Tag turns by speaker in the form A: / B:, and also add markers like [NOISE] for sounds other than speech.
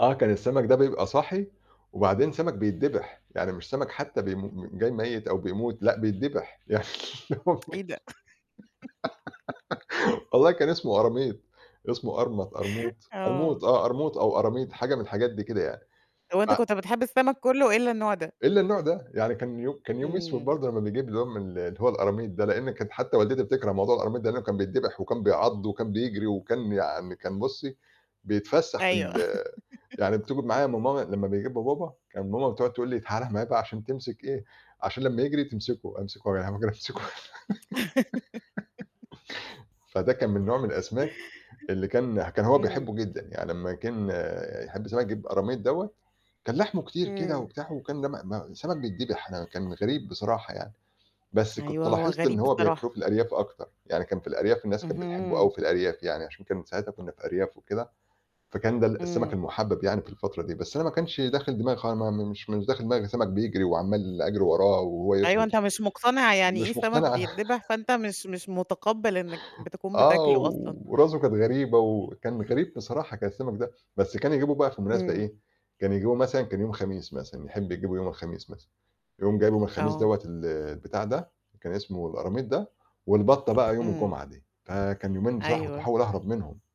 A: آه، كان السَمَك ده بيبقى صاحي، وبعدين سَمَك بيتدّبح، يعني مش سَمَك حتّى بيم م جاي ميِّت أو بيموت، لأ بيتدّبح. يعني آه والله
B: [TSK] إيه ده؟ [GIGGLES]
A: [GIGGLES] والله كان اسمه قراميط، اسمه قرمَط، قرموط، قرموط
B: آه.
A: آه، قرموط أو قراميط، حاجة من الحاجات دي كده يعني. ف
B: وأنت كنت بتحب السَمَك كُلّه إلّا النوع ده.
A: إلّا النوع ده، يعني كان يو كان أيوم أسود
B: إمم.
A: برضه لمّا نيجيب اللي هو من ال اللي هو القراميط ده لإن كانت حتّى والدتي بتكره موضوع القراميط ده لإنه كان بيتدّبح، وكان بيعَض وكان بيجري وكان يعني كان بُصّي، بيتفسّح في
B: أيوه.
A: ال يعني [UNINTELLIGIBLE] معايا ما ماما
B: [GIGGLES]
A: لمّا بيجيبه بابا، كان ماما بتقعُد تقول لي: "تعالَ معايا بقى عشان تمسك إيه، عشان لمّا يجري تمسكه." أمسكه [UNINTELLIGIBLE] أمسكه.
B: [LAUGHS]
A: [GIGGLES] فده كان من نوع من الأسماك اللي كان كان هو
B: إمم.
A: بيحبّه جدًا، يعني لمّا كان يحب سَمَك يجيب قراميط دوّة، كان لحمه كتير كده
B: إمم.
A: وبتاع وكان لم ما سَمَك بيتدبح أنا كان غريب بصراحة يعني، بس كنت
B: أيوه هو
A: لاحظت إن
B: غريب
A: هو بياكلوه
B: بصراحة.
A: في الأرياف أكتر، يعني كان في الأرياف الناس كان بتحبّه أوي
B: اهم.
A: في الأرياف يعني عشان كان ساعتها كُنّا في أرياف وكده، فكان ده ال السَمَك
B: إمم
A: المُحبَّب يعني في الفترة دي، بس أنا ما كانش داخل دماغي خ ما ما مش مش داخل دماغي السَمَك بيجري وعَمّال أجري وراه وهو
B: أيوه
A: يطهو
B: أنت مش مقتنع يعني إيه
A: مش
B: سمك
A: مقتنع أنا.
B: بيتدبِح،
A: [CHUCKLES]
B: فأنت مش مش متقبل إنك بتكون
A: آه،
B: بتاكله أصلًا.
A: وراسه كانت غريبة وكان غريب بصراحة، كان السَمَك ده، بس كان يجيبه بقى في مناسبة
B: إمم.
A: إيه، كان يجيبه مثلًا كان يوم خميس مثلًا يحب يجيبه يوم الخميس مثلًا، يقوم جايبه من الخميس
B: آه.
A: دوّة ال البتاع ده كان اسمه الأراميط ده، والبَطّة بقى يوم
B: إمم.
A: الجمعة دي، فكان يومين بصراحة كنت
B: أيوه.
A: باحاول أهرب منهم.